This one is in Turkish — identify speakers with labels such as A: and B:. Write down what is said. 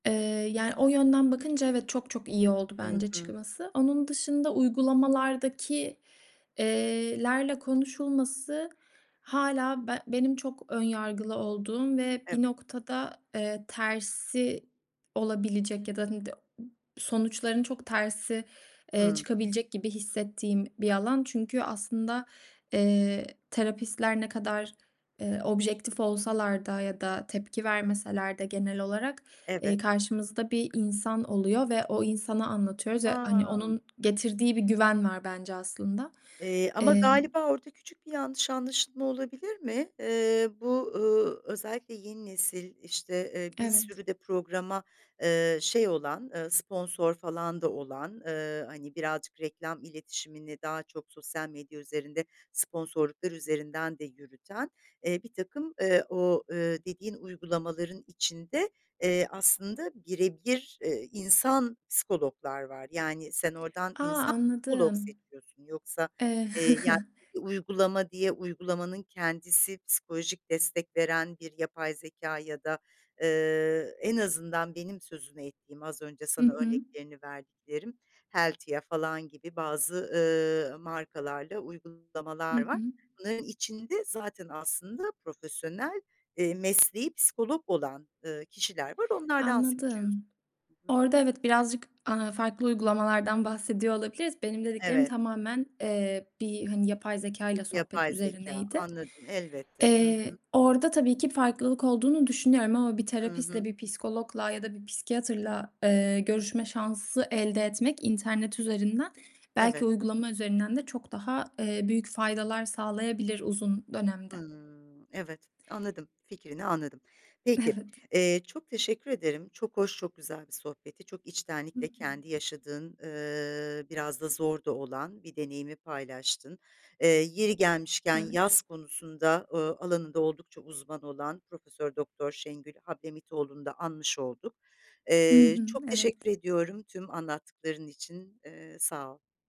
A: Eee, yani, o yönden bakınca evet, çok çok iyi oldu
B: Hı
A: bence
B: hı.
A: çıkması. Onun dışında uygulamalardaki eee, lerle konuşulması hâlâ ben benim çok ön yargılı olduğum ve bir
B: Evet.
A: noktada, eee, tersi olabilecek ya da [unintelligible] sonuçların çok tersi, eee,
B: Hıı.
A: çıkabilecek gibi hissettiğim bir alan. Çünkü aslında, eee, terapistler ne kadar, eee, objektif olsalar da ya da tepki vermeseler de genel olarak, eee,
B: Evet.
A: karşımızda bir insan oluyor ve o insana anlatıyoruz ve, hani,
B: Ha!
A: onun getirdiği bir güven var bence aslında.
B: Eee, ama
A: Emm
B: galiba orada küçük bir yanlış anlaşılma olabilir mi? Eee, bu, ııı, özellikle yeni nesil, işte, eee, bir
A: Evet.
B: sürü de programa, eee, şey olan, ııı, sponsor falan da olan, ııı, hani, birazcık reklam iletişimini daha çok sosyal medya üzerinde sponsorluklar üzerinden de yürüten, eee, birtakım, eee, o, eee, dediğin uygulamaların içinde, eee, aslında bire bir, eee, insan psikologlar var. Yani sen oradan
A: A!
B: insan psikolog
A: Anladım.
B: seçiyorsun yoksa,
A: Eee
B: eee, yani uygulama diye uygulamanın kendisi psikolojik destek veren bir yapay zekâ ya da, eee, en azından benim sözünü ettiğim, az önce
A: Hı
B: sana
A: hı.
B: örneklerini verdiklerim, Heltia falan gibi bazı, ııı, markalarla
A: Hı
B: uygulamalar var.
A: hı.
B: Bunların içinde zaten aslında profesyonel, eee, mesleği psikolog olan, ııı, kişiler var. Onlardan seçiyorsun.
A: Anladım.
B: Hı hı.
A: Orada evet, birazcık, aaa, farklı uygulamalardan bahsediyor olabiliriz. Benim dediklerim
B: Evet.
A: tamamen, eee, bir, hani, yapay zekâyla sohbet
B: Yapay zekâ,
A: üzerineydi.
B: anladım, elbette. Hı
A: Eee,
B: hı.
A: orada tabii ki farklılık olduğunu düşünüyorum ama bir
B: Hı
A: terapistle,
B: hı.
A: bir psikologla ya da bir psikiyatrla, eee, görüşme şansı elde etmek internet üzerinden, belki
B: Evet.
A: uygulama üzerinden de çok daha, eee, büyük faydalar sağlayabilir uzun dönemde.
B: Hıı, evet. Anladım, fikrini anladım. Peki,
A: Evet.
B: eee, çok teşekkür ederim. Çok hoş, çok güzel bir sohbetti. Çok
A: Hı hı.
B: içtenlikle kendi yaşadığın, ııı, biraz da zor da olan bir deneyimi paylaştın. Eee, yeri gelmişken
A: Evet.
B: yaz konusunda, ııı, alanında oldukça uzman olan Profesör Doktor Şengül Hablemitoğlu'nu da anmış olduk.
A: Hı
B: Eee,
A: hı.
B: çok teşekkür
A: Evet.
B: ediyorum tüm anlattıkların için, eee, sağ ol.